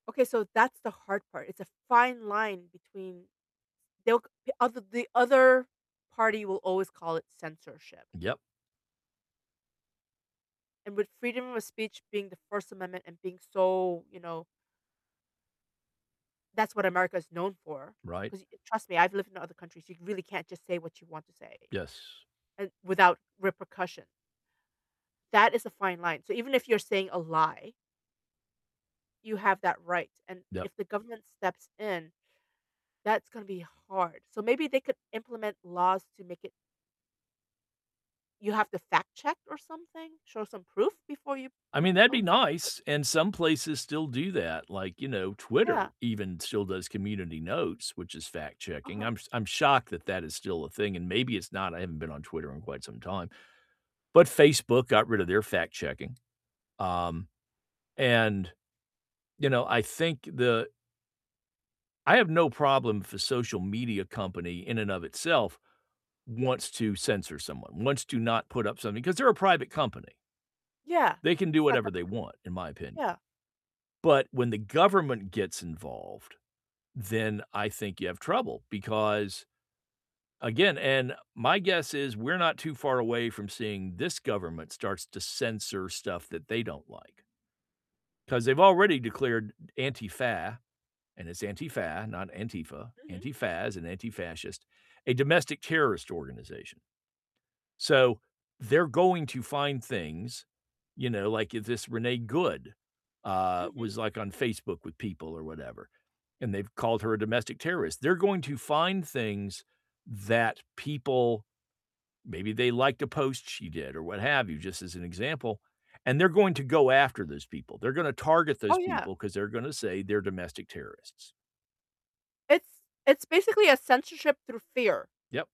Okay, so that's the hard part, it's a fine line between They'll g other The other party will always call it censorship Yep. and with freedom of speech being the First Amendment and being so, you know That's what America's known for, Right. 'cause you trust me, I've lived in other countries, you can really can't just say what you want to say, Yes. uh, without repercussion that is a fine line, so even if you're saying a lie you have that right, and Yep. if the government steps in, that's gonna be hard, so maybe they could implement laws to make it You have to fact check or something, show some proof before you I you mean, that'd be post it. nice, and some places still do that, like, you know, Yeah. Twitter even still does community notes, which is fact-checking, Uh-huh. I'm s I'm shocked that that is still a thing, and maybe it's not, I haven't been on Twitter in quite some time, but Facebook got rid of their fact-checking, um, and, you know, I think the I have no problem if a social media company in and of itself wants to censor someone, wants to not put up something, 'cause they're a private company. Yeah, They can do it's the whatever they government, want, in my yeah. opinion, but when the government gets involved, then I think you have trouble, because, again and my guess is we're not too far away from seeing this government starts to censor stuff that they don't like. 'Cause they've already declared Antifa, and it's Antifa, not Antifa, Mhm. Antifa as an anti-fascist, a domestic terrorist organization. So they're going to find things, you know, like, if this Renee Good, uh, Mhm. was, like, on Facebook with people or whatever, and they've called her a domestic terrorist, they're going to find things that people maybe they liked a post she did or what have you, just as an example, and they're going to go after those people, they're gonna target Oh, those yeah. people, 'cause they're gonna say they're domestic terrorists. It's It's basically a censorship through fear. Yep.